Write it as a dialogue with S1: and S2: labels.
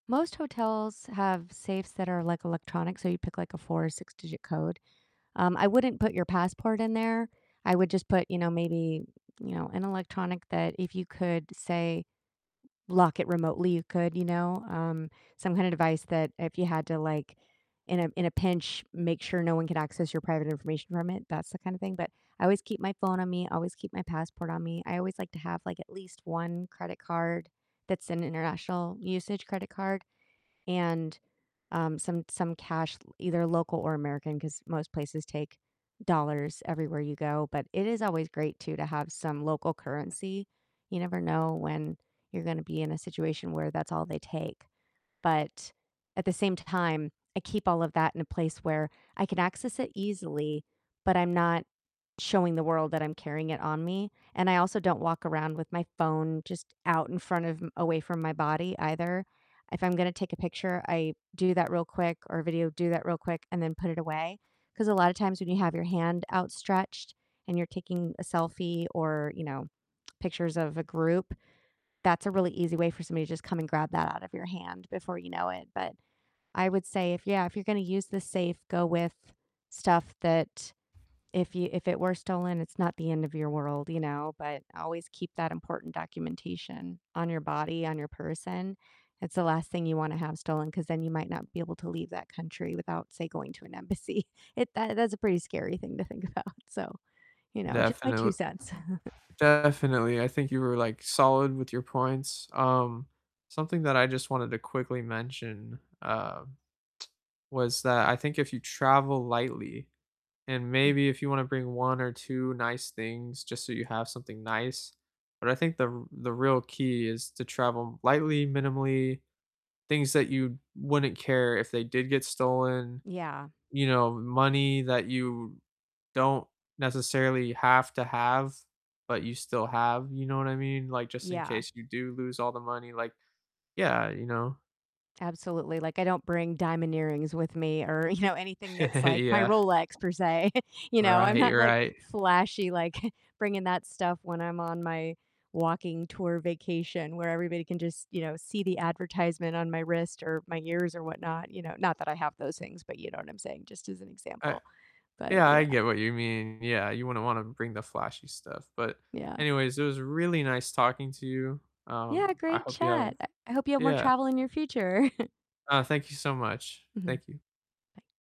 S1: Most hotels have safes that are, like, electronic, so you pick, like, a 4 or six-digit code, um, I wouldn't put your passport in there, I would just put, you know, maybe, you know, an electronic that if you could, say, lock it remotely, you could, you know, um, some kinda device that if you had to, like, in a in a pinch, make sure no one could access your private information from it, that's the kind of thing, but I always keep my phone on me, always keep my passport on me, I always like to have, like, at least 1 credit card that's an international usage credit card, and, um, some some cash, l either local or American, 'cause most places take dollars everywhere you go, but it is always great too to have some local currency, you never know when you're gonna be in a situation where that's all they take, but at the same time, I keep all of that in a place where I can access it easily, but I'm not showing the world that I'm carrying it on me, and I also don't walk around with my phone just out in front of m away from my body either, if I'm gonna take a picture, I do that real quick, or a video, do that real quick, and then put it away, 'cause a lotta times when you have your hand outstretched and you're taking a selfie, or, you know, pictures of a group, that's a really easy way for somebody to just come and grab that out of your hand before you know it, but I would say if yeah, if you're gonna use the safe, go with stuff that if you if it were stolen, it's not the end of your world, you know, but always keep that important documentation on your body, on your person, it's the last thing you wanna have stolen, 'cause then you might not be able to leave that country without, say, going to an embassy, it that that's a pretty scary thing to think about, so, you know, just my 2
S2: Definitel
S1: cents.
S2: definitely, I think you were, like, solid with your points, um, something that I just wanted to quickly mention, uh, was that I think if you travel lightly, and
S1: Mm.
S2: maybe if you wanna bring 1 or 2 nice things just so you have something nice, but I think the r the real key is to travel lightly, minimally, things that you wouldn't care if they did get stolen,
S1: Yeah.
S2: you know, money that you don't necessarily have to have but you still have, you know what I mean, like, just in
S1: Yeah.
S2: case you do lose all the money, like yeah, you know?
S1: Absolutely, like, I don't bring diamond earrings with me, or, you know, anything that's, like, my
S2: Yeah.
S1: Rolex, per se, you know, I'm
S2: Right,
S1: not, like,
S2: right.
S1: flashy, like, bringing that stuff when I'm on my walking tour vacation where everybody can just, you know, see the advertisement on my wrist or my ears or whatnot, you know? Not that I have those things, but you know what I'm saying, just as an
S2: I
S1: example, but
S2: yeah, I
S1: yeah.
S2: get what you mean, yeah, you wouldn't wanna bring the flashy stuff, but
S1: Yeah.
S2: anyways, it was really nice talking to you,
S1: Yeah,
S2: um, I
S1: great
S2: hope you have
S1: chat, I I hope you have more
S2: yeah.
S1: travel in your future.
S2: Uh, thank you so much,
S1: Mhm.
S2: thank you.
S1: Bye.